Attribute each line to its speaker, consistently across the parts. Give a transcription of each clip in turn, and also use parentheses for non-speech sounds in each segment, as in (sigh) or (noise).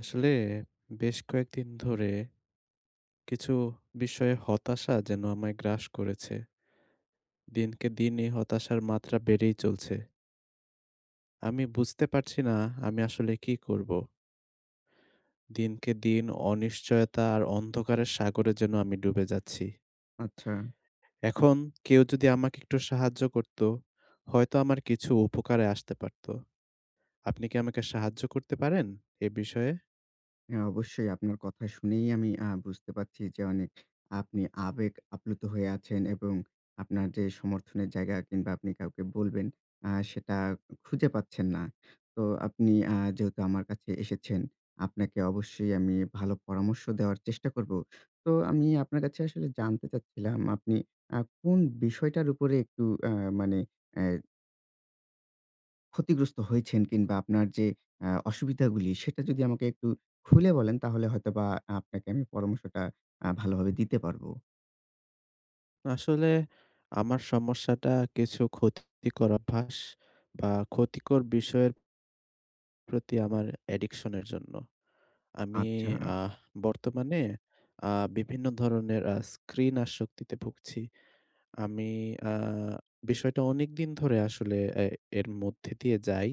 Speaker 1: আসলে বেশ কয়েকদিন ধরে। কিছু বিস্ময়ে হতাশা যেন আমায় গ্রাস করেছে। দিনকে দিন এই হতাশার মাত্রা বেড়েই চলছে। আমি বুঝতে পারছি না আমি আসলে কি করব। দিনকে দিন অনিশ্চয়তা আর অন্ধকারের সাগরে যেন আমি ডুবে যাচ্ছি।
Speaker 2: আচ্ছা।
Speaker 1: (smacks lips) এখন কেউ যদি আমাকে একটু সাহায্য করত হয়তো আমার কিছু উপকারে আসতে পারত। আপনি কি আমাকে সাহায্য করতে পারেন এ বিষয়ে?
Speaker 2: হ্যাঁ অবশ্যই আপনার কথা শুনেই আমি আ বুঝতে পারছি যে অনেক আপনি আবেগ আপ্লুত হয়ে আছেন এবং আপনার যে সমর্থনের জায়গা কিংবা আপনি কাউকে বলবেন আ সেটা খুঁজে পাচ্ছেন না। তো আপনি আ যেহেতু আমার কাছে এসেছেন, আপনাকে অবশ্যই আমি ভালো পরামর্শ দেওয়ার চেষ্টা করব। তো আমি আপনার কাছে আসলে জানতে চাচ্ছিলাম আপনি আ কোন বিষয়টার উপরে একটু এ মানে অ্যা ক্ষতিগ্রস্ত হয়েছেন কিংবা আপনার যে আ অসুবিধাগুলি সেটা যদি আমাকে একটু খুলে বলেন তাহলে হয়তোবা আপনাকে আমি পরামর্শটা আ ভালো ভাবে দিতে পারবো।
Speaker 1: আসলে আমার সমস্যাটা কিছু ক্ষতিকর অভ্যাস বা ক্ষতিকর বিষয়ের প্রতি আমার অ্যাডিকশন এর জন্য। আমি
Speaker 2: আচ্ছা।
Speaker 1: আহ বর্তমানে আ বিভিন্ন ধরনের আ স্ক্রিন আসক্তিতে ভুগছি। আমি আ বিষয়টা অনেকদিন ধরে আসলে এ এর মধ্যে দিয়ে যাই।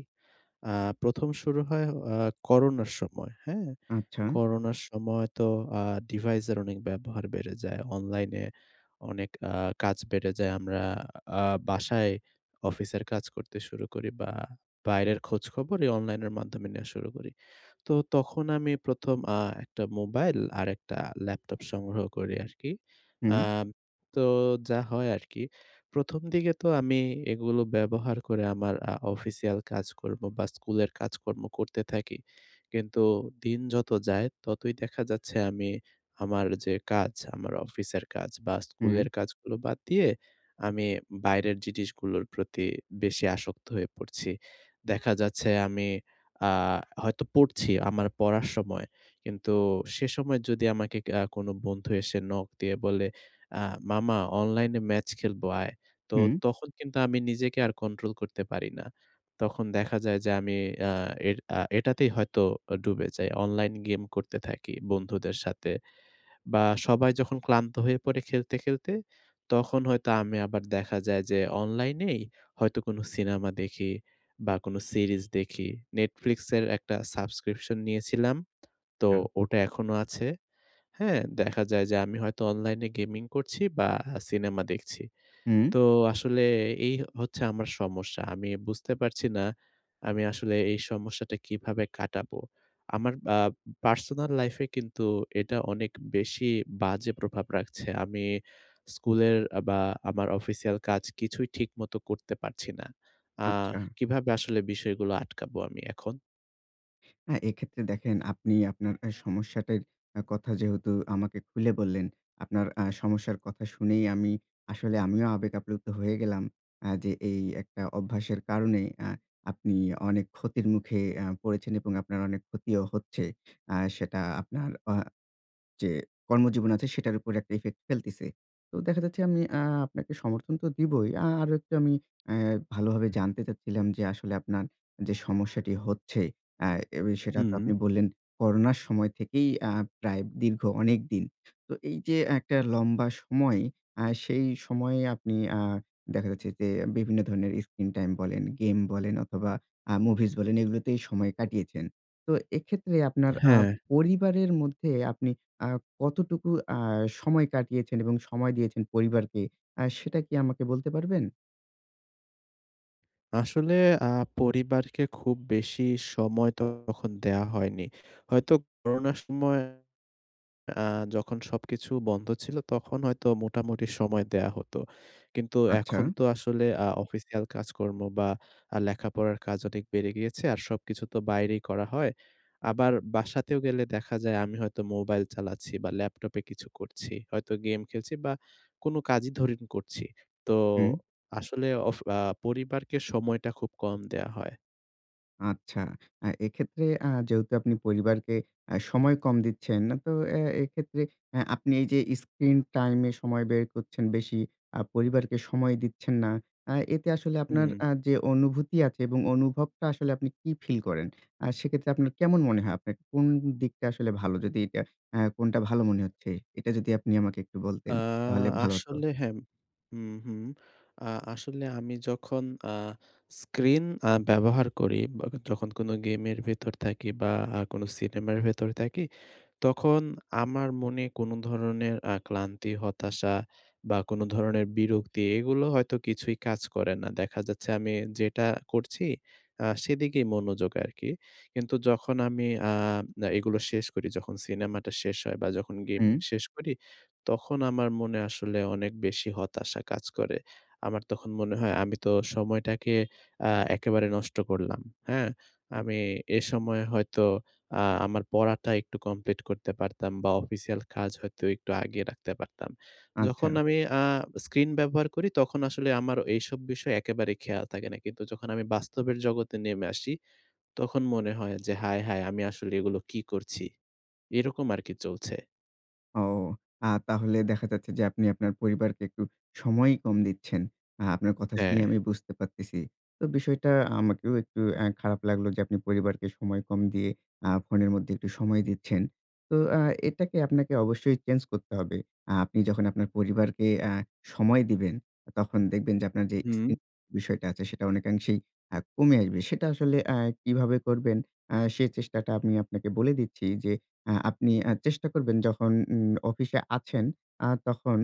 Speaker 1: আ ১ম শুরু হয় আ করোনার সময়, হ্যাঁ?
Speaker 2: আচ্ছা?
Speaker 1: করোনার সময় তো আ ডিভাইস এর অনেক ব্যবহার বেড়ে যায় অনলাইনে। অনেক আ কাজ বেড়ে যায়। আমরা আ বাসায় অফিসের কাজ করতে শুরু করি বা বাইরের খোঁজখবর এই অনলাইনের মাধ্যমে নেওয়া শুরু করি। তো তখন আমি ১ম আ একটা মোবাইল আর একটা ল্যাপটপ সংগ্রহ করি আরকি। আ
Speaker 2: হুম।
Speaker 1: তো যা হয় আরকি। ১ম দিকে তো আমি এগুলো ব্যবহার করে আমার আ অফিসিয়াল কাজকর্ম বা স্কুলের কাজকর্ম করতে থাকি। কিন্তু দিন যত যায় ততই দেখা যাচ্ছে আমি আমার যে কাজ আমার অফিসের কাজ বা স্কুলের
Speaker 2: হুম।
Speaker 1: কাজগুলো বাদ দিয়ে, আমি বাইরের জিনিসগুলোর প্রতি বেশি আসক্ত হয়ে পড়ছি। দেখা যাচ্ছে আমি আ হয়তো পড়ছি আমার পড়ার সময়। কিন্তু সে সময় যদি আমাকে ক্যা কোন বন্ধু এসে নক দিয়ে বলে, "আ মামা অনলাইনে ম্যাচ খেলব আয়।" তো
Speaker 2: হুম।
Speaker 1: তখন কিন্তু আমি নিজেকে আর কন্ট্রোল করতে পারি না। তখন দেখা যায় যে আমি আ এর আ এটাতেই হয়তো অ ডুবে যাই। অনলাইন গেম করতে থাকি বন্ধুদের সাথে। বা সবাই যখন ক্লান্ত হয়ে পড়ে খেলতে, খেলতে, তখন হয়তো আমি আবার দেখা যায় যে অনলাইনেই হয়তো কোনো সিনেমা দেখি বা কোনো সিরিজ দেখি। Netflix এর একটা সাবস্ক্রিপশন নিয়েছিলাম। তো
Speaker 2: হ্যাঁ।
Speaker 1: ওটা এখনো আছে, হ্যাঁ? দেখা যায় যে আমি হয়তো অনলাইনে গেমিং করছি বা আ সিনেমা দেখছি।
Speaker 2: হুঁম।
Speaker 1: তো আসলে এই হচ্ছে আমার সমস্যা। আমি বুঝতে পারছি না আমি আসলে এই সমস্যাটা কিভাবে কাটাবো। আমার আব পার্সোনাল লাইফ-এ কিন্তু এটা অনেক বেশি বাজে প্রভাব রাখছে। আমি স্কুলের আ বা আমার অফিসিয়াল কাজ কিছুই ঠিকমত করতে পারছি না। আ
Speaker 2: আচ্ছা।
Speaker 1: কিভাবে আসলে বিষয়গুলো আটকাবো আমি এখন?
Speaker 2: হ্যাঁ এক্ষেত্রে দেখেন আপনি আপনার অ্যা সমস্যাটির আ কথা যেহেতু আমাকে খুলে বললেন, আপনার আ সমস্যার কথা শুনেই আমি আসলে আমিও আবেগ আপ্লুপ্ত হয়ে গেলাম, আ যে এই একটা অভ্যাসের কারণে আ আপনি অনেক ক্ষতির মুখে আ পড়েছেন এবং আপনার অনেক ক্ষতিও হচ্ছে। আ সেটা আপনার আ যে কর্মজীবন আছে সেটার উপর একটা ইফেক্ট ফেলতেছে। তো দেখা যাচ্ছে আমি আ আপনাকে সমর্থন তো দিবোই আ আরো একটু আমি অ্যা ভালোভাবে জানতে চাচ্ছিলাম যে আসলে আপনার যে সমস্যাটি হচ্ছে অ্যা এবি সেটা তো
Speaker 1: হুম।
Speaker 2: আপনি বললেন করোনার সময় থেকেই আ প্রায় দীর্ঘ অনেক দিন। তো এই যে একটা লম্বা সময়। আ সেই সময়ে আপনি আ দেখা যাচ্ছে যে বিভিন্ন ধরনের স্ক্রিন টাইম বলেন, গেম বলেন অথবা আ মুভিজ বলেন এগুলোতেই সময় কাটিয়েছেন। তো এক্ষেত্রে আপনার
Speaker 1: থা
Speaker 2: আ
Speaker 1: হ্যাঁ।
Speaker 2: পরিবারের মধ্যে আপনি আ কতটুকু আ সময় কাটিয়েছেন এবং সময় দিয়েছেন পরিবারকে, আ সেটা কি আমাকে বলতে পারবেন?
Speaker 1: আসলে আ পরিবারকে খুব বেশি সময় তো তখন দেওয়া হয়নি। হয়তো করোনার সময় আ যখন সবকিছু বন্ধ ছিল, তখন হয়তো মোটামুটি সময় দেয়া হতো। কিন্তু
Speaker 2: আচ্ছা।
Speaker 1: এখন তো আসলে আ অফিসিয়াল কাজকর্ম বা আ লেখাপড়ার কাজ অনেক বেড়ে গিয়েছে আর সবকিছু তো বাইরেই করা হয়। আবার বাসাতেও গেলে দেখা যায় আমি হয়তো মোবাইল চালাচ্ছি বা ল্যাপটপে কিছু করছি হয়তো গেম খেলছি বা কোনো কাজই ধরেন করছি। তো
Speaker 2: হুম।
Speaker 1: আসলে অফ আ পরিবারকে সময়টা খুব কম দেয়া হয়।
Speaker 2: আচ্ছা। আ এক্ষেত্রে আ যেহেতু আপনি পরিবারকে আ সময় কম দিচ্ছেন, তো অ্যা এক্ষেত্রে অ্যা আপনি এই যে স্ক্রিন টাইমে সময় ব্যায় করছেন বেশি, আ পরিবারকে সময় দিচ্ছেন না। আ এতে আসলে আপনার
Speaker 1: উম
Speaker 2: আ যে অনুভূতি আছে এবং অনুভবটা আসলে আপনি কি ফিল করেন? আ সেক্ষেত্রে আপনার কেমন মনে হয় আপনার কোন দিকটা আসলে ভালো? যদি এটা আ কোনটা ভালো মনে হচ্ছে এটা যদি আপনি আমাকে একটু
Speaker 1: আ
Speaker 2: বলতেন তাহলে ভালো হত।
Speaker 1: আসলে হ্যাঁ, হুম, হুম। আ আসলে আমি যখন আ স্ক্রিন আ ব্যবহার করি, বা যখন কোনো গেমের ভেতর থাকি বা আ কোন সিনেমার ভেতর থাকি তখন আমার মনে কোন ধরনের আ ক্লান্তি হতাশা বা কোন ধরণের বিরক্তি এগুলো হয়তো কিছুই কাজ করে না। দেখা যাচ্ছে আমি যেটা করছি আ সেদিকেই মনোযোগ আরকি। কিন্তু যখন আমি আ এগুলো শেষ করি যখন সিনেমাটা শেষ হয় বা যখন গেমিং
Speaker 2: হুম।
Speaker 1: শেষ করি, তখন আমার মনে আসলে অনেক বেশি হতাশা কাজ করে। আমার তখন মনে হয় আমি তো সময়টাকে আ একেবারে নষ্ট করলাম। হ্যাঁ? আমি এসময়ে হয়তো আ আমার পড়াটা একটু কমপ্লিট করতে পারতাম বা অফিসিয়াল কাজ হয়তো একটু আগিয়ে রাখতে পারতাম। যখন
Speaker 2: আচ্ছা।
Speaker 1: আমি আ স্ক্রিন ব্যবহার করি তখন আসলে আমার এইসব বিষয়ে একেবারে খেয়াল থাকে না। কিন্তু যখন আমি বাস্তবের জগতে নেমে আসি, তখন মনে হয় যে, "হায়, হায় আমি আসলে এগুলো কি করছি।" এরকম আরকি চলছে।
Speaker 2: ও, আ তাহলে দেখা যাচ্ছে যে আপনি আপনার পরিবারকে একটু সময়ই কম দিচ্ছেন। আ আপনার কথা শুনেই
Speaker 1: হ্যাঁ।
Speaker 2: আমি বুঝতে পারতেছি। তো বিষয়টা আমাকেও একটু অ্যা খারাপ লাগলো যে আপনি পরিবারকে সময় কম দিয়ে আ ফোনের মধ্যে একটু সময় দিচ্ছেন। তো আ এটাকে আপনাকে অবশ্যই চেঞ্জ করতে হবে। আ আপনি যখন আপনার পরিবারকে আ সময় দিবেন তখন দেখবেন যে আপনার যে
Speaker 1: হুম।
Speaker 2: স্ক্রিন বিষয়টা আছে সেটা অনেকাংশেই আ কমে আসবে। সেটা আসলে আ কিভাবে করবেন আ সে চেষ্টাটা আমি আপনাকে বলে দিচ্ছি যে, আ আপনি আ চেষ্টা করবেন যখন উ অফিসে আছেন আ তখন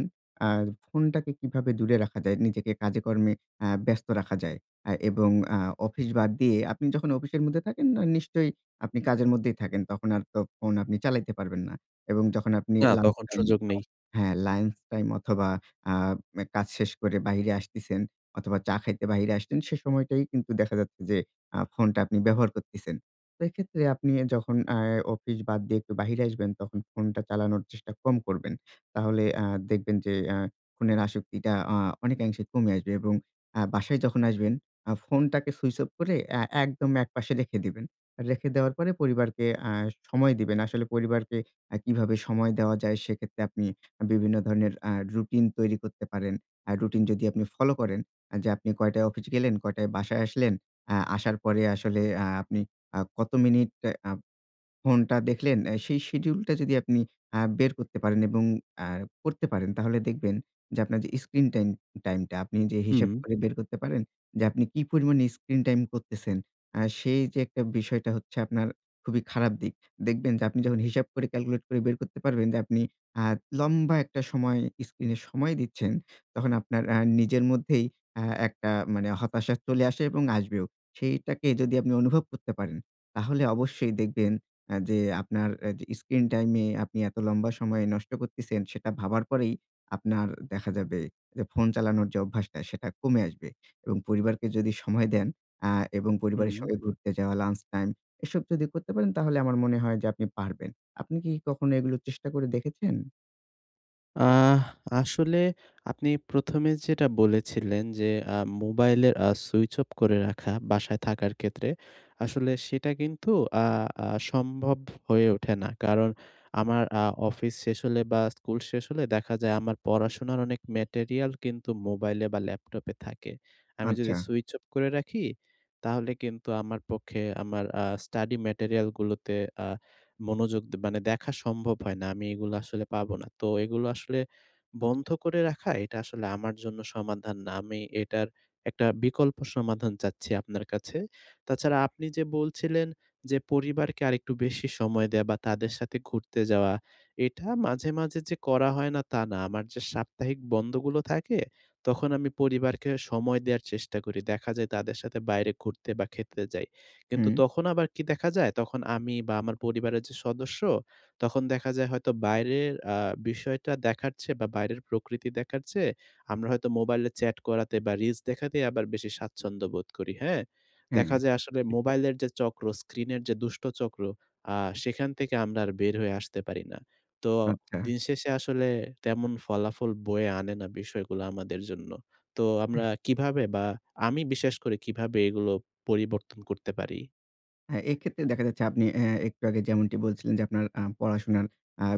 Speaker 2: আ ফোনটাকে কিভাবে দূরে রাখা যায়, নিজেকে কাজে কর্মে আ ব্যস্ত রাখা যায়। আ এবং আ অফিস বাদ দিয়ে আপনি যখন অফিসের মধ্যে থাকেন ন নিশ্চয়ই আপনি কাজের মধ্যেই থাকেন। তখন আর তো ফোন আপনি চালাইতে পারবেন না। এবং যখন আপনি
Speaker 1: না,
Speaker 2: লাঞ্চ
Speaker 1: তখন
Speaker 2: টাইম
Speaker 1: সুযোগ নেই।
Speaker 2: হ্যাঁ, লাঞ্চ টাইম অথবা আ অ্যা কাজ শেষ করে বাহিরে আসতিছেন অথবা চা খাইতে বাহিরে আসছেন সে সময়টাই কিন্তু দেখা যাচ্ছে যে, আ ফোনটা আপনি ব্যবহার করছেন। তো এক্ষেত্রে আপনি যখন আ অফিস বাদ দিয়ে একটু বাহিরে আসবেন, তখন ফোনটা চালানোর চেষ্টা কম করবেন। তাহলে আ দেখবেন যে আ ফোনের আসক্তিটা আ অনেকাংশে কমে আসবে এবং আ বাসায় যখন আসবেন, আ ফোনটাকে সুইচ অফ করে অ্যা একদম একপাশে রেখে দিবেন। রেখে দেওয়ার পরে পরিবারকে আ সময় দিবেন। আসলে পরিবারকে অ্যা কিভাবে সময় দেওয়া যায়, সেক্ষেত্রে আপনি বিভিন্ন ধরনের আ রুটিন তৈরি করতে পারেন। আ রুটিন যদি আপনি ফলো করেন, যে আপনি কয়টায় অফিস গেলেন, কয়টায় বাসায় আসলেন। আ আসার পরে আসলে আ আপনি আ কত মিনিট আ ফোনটা দেখলেন অ্যা সেই শিডিউল টা যদি আপনি আ বের করতে পারেন। এবং আ করতে পারেন তাহলে দেখবেন যে আপনার যে স্ক্রিন টাইম টাইম টা আপনি যে হিসাব
Speaker 1: হুম।
Speaker 2: করে বের করতে পারেন যে আপনি কি পরিমাণে স্ক্রিন টাইম করতেছেন। আ সেই যে একটা বিষয়টা হচ্ছে আপনার খুবই খারাপ দিক। দেখবেন যে আপনি যখন হিসাব করে ক্যালকুলেট করে বের করতে পারবেন যে আপনি আ লম্বা একটা সময় স্ক্রিন এ সময় দিচ্ছেন। তখন আপনার আ নিজের মধ্যেই আ একটা মানে হতাশা চলে আসে এবং আসবেও। সেইটাকে যদি আপনি অনুভব করতে পারেন, তাহলে অবশ্যই দেখবেন আ যে আপনার অ্যা যে স্ক্রিন টাইম এ আপনি এত লম্বা সময় নষ্ট করতেছেন। সেটা ভাবার পরেই আপনার দেখা যাবে যে ফোন চালানোর যে অভ্যাসটা সেটা কমে আসবে। এবং পরিবারকে যদি সময় দেন আ এবং পরিবারের
Speaker 1: হুম।
Speaker 2: সঙ্গে ঘুরতে যাওয়া, লাঞ্চ টাইম এসব যদি করতে পারেন তাহলে আমার মনে হয় যে আপনি পারবেন। আপনি কি কখনো এগুলো চেষ্টা করে দেখেছেন?
Speaker 1: আহ আসলে আপনি প্রথমে যেটা বলেছিলেন যে, আ মোবাইলের আ সুইচ অফ করে রাখা বাসায় থাকার ক্ষেত্রে, আসলে সেটা কিন্তু আ আ সম্ভব হয়ে ওঠে না। কারণ আমার আ অফিস শেষ হলে বা স্কুল শেষ হলে দেখা যায় আমার পড়াশোনার অনেক ম্যাটেরিয়াল কিন্তু মোবাইলে বা ল্যাপটপে থাকে। আমি যদি
Speaker 2: আচ্ছা।
Speaker 1: সুইচ অফ করে রাখি তাহলে কিন্তু আমার পক্ষে আমার আ স্টাডি ম্যাটেরিয়ালগুলোতে আ মনোযোগ দে মানে দেখা সম্ভব হয় না। আমি এগুলা আসলে পাবো না। তো এগুলো আসলে বন্ধ করে রাখা এটা আসলে আমার জন্য সমাধান না। আমি এটার একটা বিকল্প সমাধান চাচ্ছি আপনার কাছে। তাছাড়া আপনি যে বলছিলেন, যে পরিবারকে আরেকটু বেশি সময় দেয়া বা তাদের সাথে ঘুরতে যাওয়া। এটা মাঝে, মাঝে যে করা হয় না তা না। আমার যে সাপ্তাহিক বন্ধগুলো থাকে তখন আমি পরিবারকে সময় দেয়ার চেষ্টা করি। দেখা যায় তাদের সাথে বাইরে ঘুরতে বা খেতে যাই। কিন্তু
Speaker 2: হুম।
Speaker 1: তখন আবার কি দেখা যায়? তখন আমি বা আমার পরিবারের যে সদস্য তখন দেখা যায় হয়তো বাইরের আ বিষয়টা দেখার চেয়ে বা বাইরের প্রকৃতি দেখার চেয়ে আমরা হয়তো মোবাইলে চ্যাট করাতে বা রিলস দেখাতেই আবার বেশি স্বাচ্ছন্দ্য বোধ করি, হ্যাঁ? দেখা
Speaker 2: হ্যাঁ।
Speaker 1: যায় আসলে মোবাইলের যে চক্র, স্ক্রিনের যে দুষ্ট চক্র আ সেখান থেকে আমরা আর বের হয়ে আসতে পারি না। তো
Speaker 2: আচ্ছা।
Speaker 1: দিনশেষে আসলে তেমন ফলাফল বয়ে আনে না বিষয়গুলো আমাদের জন্য। তো আমরা কিভাবে বা আমি বিশেষ করে কীভাবে এগুলো পরিবর্তন করতে পারি?
Speaker 2: হ্যাঁ এক্ষেত্রে দেখা যাচ্ছে আপনি আ একটু আগে যেমনটি বলছিলেন যে আপনার আ পড়াশোনার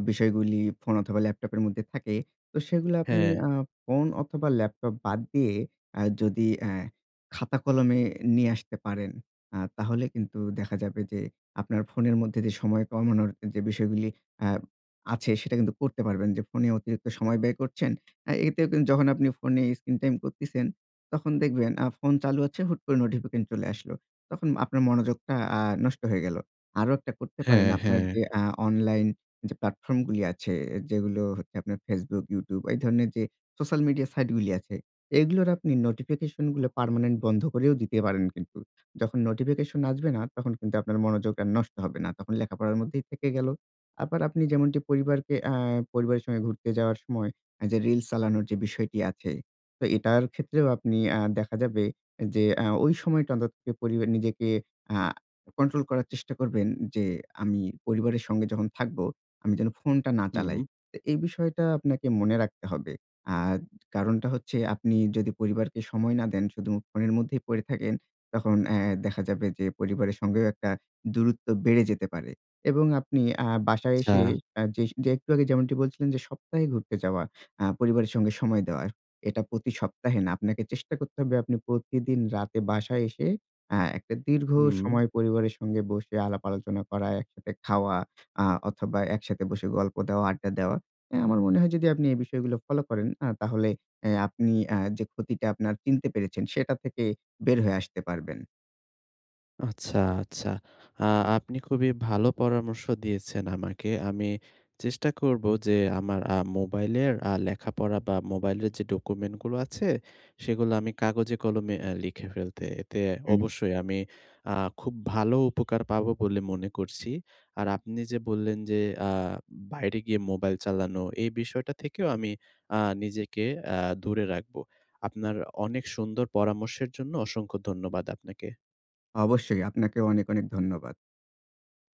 Speaker 2: বিষয়গুলি অথবা ল্যাপটপের মধ্যে থাকে। তো সেগুলো আপনি
Speaker 1: হ্যাঁ।
Speaker 2: আ ফোন অথবা ল্যাপটপ বাদ দিয়ে যদি আ খাতা-কলমে নিয়ে আসতে পারেন তাহলে কিন্তু দেখা যাবে যে আপনার ফোনের মধ্যে যে সময় কমানোর যে বিষয়গুলি আ আছে সেটা কিন্তু করতে পারবেন। যে ফোনে অতিরিক্ত সময় ব্যয় করছেন। এতে কিন্তু যখন আপনি ফোনে স্ক্রিন টাইম করছেন তখন দেখবেন ফোন চালু আছে হুট করে নোটিফিকেশন চলে আসলো। তখন আপনার মনোযোগটা আ নষ্ট হয়ে গেলো। আরো একটা করতে পারেন
Speaker 1: হ্যাঁ,
Speaker 2: আপনার
Speaker 1: হ্যাঁ।
Speaker 2: যে আ অনলাইন যে প্ল্যাটফর্ম গুলো আছে যেগুলো হচ্ছে আপনার ফেসবুক, ইউটিউব এই ধরনের যে সোশ্যাল মিডিয়া সাইট গুলো আছে এগুলোর আপনি নোটিফিকেশন গুলো পার্মানেন্ট বন্ধ করেও দিতে পারেন কিন্তু। যখন নোটিফিকেশন আসবে না তখন কিন্তু আপনার মনোযোগ আর নষ্ট হবে না। তখন লেখাপড়ার মধ্যেই থেকে গেল। আবার আপনি যেমনটি পরিবারকে আ পরিবারের সঙ্গে ঘুরতে যাওয়ার যে রিলস চালানোর যে বিষয়টি আছে। তো এটার ক্ষেত্রেও আপনি দেখা যাবে যে ওই সময়টা পরিবার নিজেকে আ কন্ট্রোল করার চেষ্টা করবেন যে আমি পরিবারের সঙ্গে যখন থাকবো, আমি যেন ফোনটা না চালাই।
Speaker 1: হুম।
Speaker 2: তো এই বিষয়টা আপনাকে মনে রাখতে হবে। আ কারণটা হচ্ছে আপনি যদি পরিবারকে সময় না দেন, শুধু ফোনের মধ্যেই পড়ে থাকেন তখন অ্যা দেখা যাবে যে পরিবারের সঙ্গেও একটা দূরত্ব বেড়ে যেতে পারে এবং আপনি আ বাসায় এসে
Speaker 1: আচ্ছা।
Speaker 2: যে একটু আগে যেমনটি বলছিলেন যে সপ্তাহে ঘুরতে যাওয়া আ পরিবারের সঙ্গে সময় দেওয়া। এটা প্রতি সপ্তাহে না। আপনাকে চেষ্টা করতে হবে আপনি প্রতিদিন রাতে বাসায় এসে আ একটা দীর্ঘ
Speaker 1: হুম।
Speaker 2: সময় পরিবারের সঙ্গে বসে আলাপ আলোচনা করা, একসাথে খাওয়া আ অথবা একসাথে বসে গল্প দেওয়া, আড্ডা দেওয়া। আ আমার মনে হয় যদি আপনি এই বিষয়গুলো ফলো করেন তাহলে অ্যা আপনি যে ক্ষতিটা আপনার চিনতে পেরেছেন সেটা থেকে বের হয়ে আসতে পারবেন।
Speaker 1: আচ্ছা, আচ্ছা। আ আপনি খুবই ভালো পরামর্শ দিয়েছেন আমাকে। আমি চেষ্টা করব যে আমার আ মোবাইলের আ লেখাপড়া বা মোবাইলের যে ডকুমেন্টস গুলো আছে সেগুলো আমি কাগজে-কলমে অ্যা লিখে ফেলতে। এতে
Speaker 2: হুম।
Speaker 1: অবশ্যই আমি আ খুব ভালো উপকার পাবো বলে মনে করছি। আর আপনি যে বললেন যে আ বাইরে গিয়ে মোবাইল চালানো এই বিষয়টা থেকেও আমি আ নিজেকে দূরে রাখব। আপনার অনেক সুন্দর পরামর্শের জন্য অসংখ্য ধন্যবাদ আপনাকে।
Speaker 2: অবশ্যই আপনাকে অনেক অনেক ধন্যবাদ।